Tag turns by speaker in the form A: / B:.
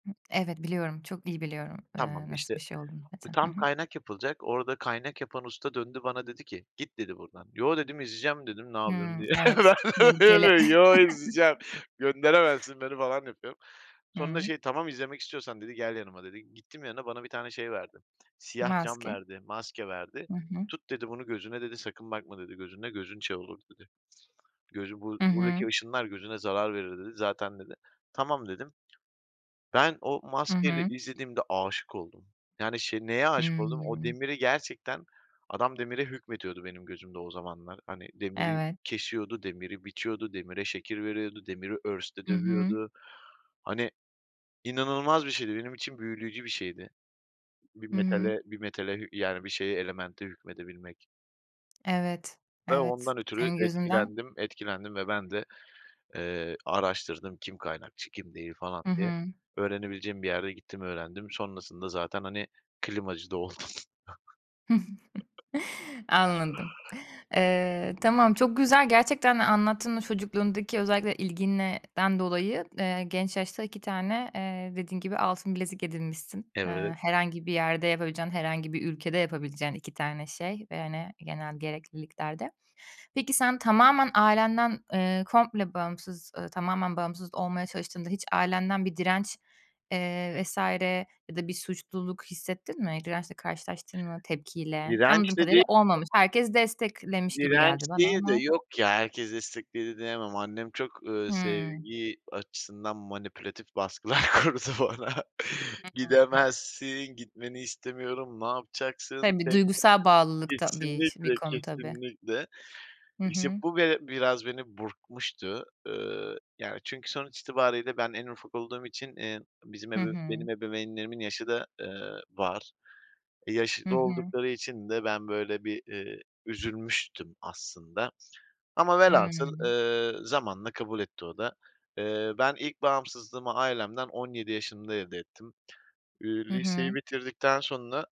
A: Hıh, evet, biliyorum, çok dil biliyorum.
B: Tamam
A: Eee, nasıl bir
B: işte,
A: şey olduğunu zaten. Hı
B: tam
A: hı.
B: kaynak yapılacak. Orada, kaynak yapan usta döndü, bana dedi ki "Git." dedi buradan "Yoo." dedim "İzleyeceğim." dedim "Ne yapıyorsun?"
A: Hımm,
B: diye. [unintelligible]
A: evet, tehlikeli.
B: "Yo, izleyeceğim. Gönderemezsin beni." falan yapıyorum. Sonra
A: Hıı.
B: şey "Tamam izlemek istiyorsan." dedi "Gel yanıma." dedi. Gittim yanına, bana bir tane şey verdi. Siyah cam
A: Maske.
B: verdi, maske verdi.
A: Hı hı.
B: "Tut." dedi "Bunu gözüne." dedi. "Sakın bakma." dedi "Gözünle, gözün şey olur." dedi. "Gözün bur
A: Hı
B: buradaki
A: hı.
B: ışınlar gözüne zarar verir." dedi. "Zaten." dedi. "Tamam." dedim. Ben o
A: Hı
B: maskeyle
A: hı.
B: izlediğimde, aşık oldum. Yani, şey, neye aşık oldum? O
A: Hıı.
B: demiri gerçekten, adam demire hükmetiyordu benim gözümde o zamanlar. Hani, demiri
A: Evet.
B: kesiyordu, demiri biçiyordu, demire şekil veriyordu, demiri örste
A: Hı hı.
B: dövüyordu. Hani, inanılmaz bir şeydi. Benim için büyüleyici bir şeydi. Bir
A: Hıı.
B: metale, bir metale, yani, bir şeye, elemente hükmedebilmek.
A: Evet,
B: Ve
A: evet,
B: ondan ötürü
A: senin gözünden.
B: etkilendim, etkilendim ve ben de, eee, araştırdım. Kim kaynakçı, kim değil falan
A: Hı
B: diye.
A: hı.
B: Öğrenebileceğim bir yerde, gittim öğrendim, sonrasında zaten, hani, klimacı da oldum.
A: Anladım. Eee, tamam, çok güzel gerçekten, anlattın mı çocukluğundaki özellikle ilginden dolayı, genç yaşta, 2 tane, eee, dediğin gibi, altın bilezik edinmişsin. Eee,
B: Evet.
A: herhangi bir yerde yapabileceğin, herhangi bir ülkede yapabileceğin, 2 tane şey, ve, hani, genel gerekliliklerde. Peki sen, tamamen ailenden, eee, komple bağımsız, ııı, tamamen bağımsız olmaya çalıştığında, hiç ailenden bir direnç, eee, vs. ya da, bir suçluluk hissettin mi? Dirençle karşılaştın mı, tepkiyle? Anladığım
B: Direnç de
A: kadarıyla
B: değildi.
A: olmamış. Herkes desteklemiş gibi
B: Direnç
A: geldi bana,
B: değil de,
A: ama
B: yok ya, herkes destekledi diyemem. Annem çok, ııı,
A: Hıı.
B: sevgi açısından manipülatif baskılar kurdu bana.
A: Hı hı.
B: "Gidemezsin, gitmeni istemiyorum. Ne yapacaksın
A: Tabii,
B: tek başına."
A: duygusal bağlılık da bir ş bir
B: Kesinlikle,
A: konu tabii.
B: kesinlikle.
A: Hı
B: İşte
A: hı.
B: bu, be biraz beni burkmuştu. Iıı, yani, çünkü, sonuç itibariyle, ben en ufak olduğum için, eee, bizim
A: Hı
B: ebeveyn
A: hı.
B: benim ebeveynlerimin yaşı da, ııı, var. E, yaşı
A: Hı
B: da
A: hı.
B: oldukları için de, ben böyle bir, iii, üzülmüştüm aslında. Ama velhasıl,
A: Hıı.
B: ııı, zamanla kabul etti o da. Eee, ben ilk bağımsızlığımı ailemden, 17 yaşımda elde ettim. İii,
A: Hı
B: liseyi
A: hı.
B: bitirdikten sonra